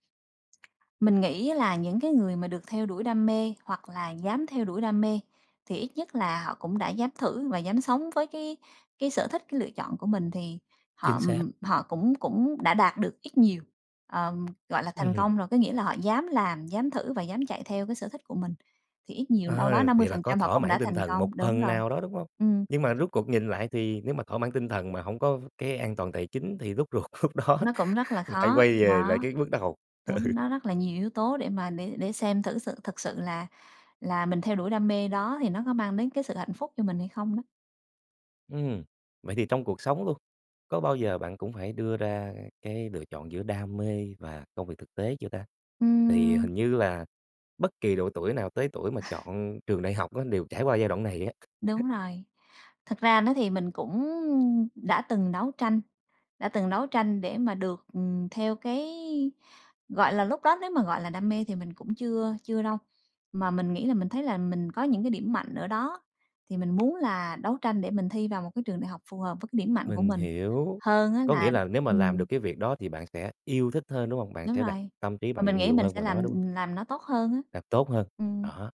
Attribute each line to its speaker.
Speaker 1: Mình nghĩ á là những cái người mà được theo đuổi đam mê, hoặc là dám theo đuổi đam mê thì ít nhất là họ cũng đã dám thử và dám sống với cái cái sở thích, cái lựa chọn của mình, thì họ,
Speaker 2: Chính
Speaker 1: ừm,
Speaker 2: xác.
Speaker 1: ừm, họ cũng cũng đã đạt được ít nhiều, ờm, gọi là,
Speaker 2: Ừm
Speaker 1: thành
Speaker 2: hưm.
Speaker 1: công rồi. Có nghĩa là họ dám làm, dám thử, và dám chạy theo cái sở thích của mình thì ít nhiều đâu
Speaker 2: Ờ,
Speaker 1: đó năm mươi
Speaker 2: vậy là
Speaker 1: phần
Speaker 2: có
Speaker 1: trăm họ
Speaker 2: thỏa
Speaker 1: cũng
Speaker 2: mãn
Speaker 1: đã
Speaker 2: tinh
Speaker 1: thành
Speaker 2: thần, một
Speaker 1: công, đúng
Speaker 2: phần
Speaker 1: rồi.
Speaker 2: nào đó, đúng hông?
Speaker 1: Ừm.
Speaker 2: Nhưng mà rút cuộc nhìn lại thì nếu mà thỏa mãn tinh thần mà hổng có v cái an toàn tài chính thì rút ruột lúc đó
Speaker 1: Nó cũng rất là
Speaker 2: lại
Speaker 1: khó,
Speaker 2: quay về lại
Speaker 1: đó,
Speaker 2: cái bước đầu, ừ.
Speaker 1: đúng, nó rất là nhiều yếu tố để mà để để xem thử sự thực sự là là mình theo đuổi đam mê đó thì nó có mang đến cái sự hạnh phúc cho mình hay không đó.
Speaker 2: Ừm, vậy thì trong cuộc sống luôn, có bao giờ bạn cũng phải đưa ra cái lựa chọn giữa đam mê và công việc thực tế chưa ta? Thì
Speaker 1: Ừm.
Speaker 2: hình như là bất kỳ độ tuổi nào tới tuổi mà chọn trường đại học á đều trải qua giai đoạn này á.
Speaker 1: Đúng rồi, thực ra đó thì mình cũng đã từng đấu tranh, đã từng đấu tranh để mà được, ừm, theo cái, gọi là, lúc đó nếu mà, gọi là, đam mê thì mình cũng chưa chưa đâu. Mà mình nghĩ là mình thấy là mình có những cái điểm mạnh ở đó, thì mình muốn là đấu tranh để mình thi vào một cái trường đại học phù hợp với cái điểm mạnh của
Speaker 2: Mình
Speaker 1: mình,
Speaker 2: hiểu,
Speaker 1: hơn á
Speaker 2: có
Speaker 1: là
Speaker 2: nghĩa là nếu mà làm
Speaker 1: ừm.
Speaker 2: được cái việc đó thì bạn sẽ yêu thích hơn, đúng hông? Bạn
Speaker 1: Đúng
Speaker 2: sẽ đặt
Speaker 1: rồi,
Speaker 2: tâm trí
Speaker 1: mà
Speaker 2: bạn
Speaker 1: mình nghĩ
Speaker 2: nhiều
Speaker 1: mình
Speaker 2: hơn
Speaker 1: sẽ
Speaker 2: vào đó,
Speaker 1: làm,
Speaker 2: đúng hông?
Speaker 1: ừm, làm nó tốt hơn á.
Speaker 2: Làm tốt hơn,
Speaker 1: Ừm.
Speaker 2: đó.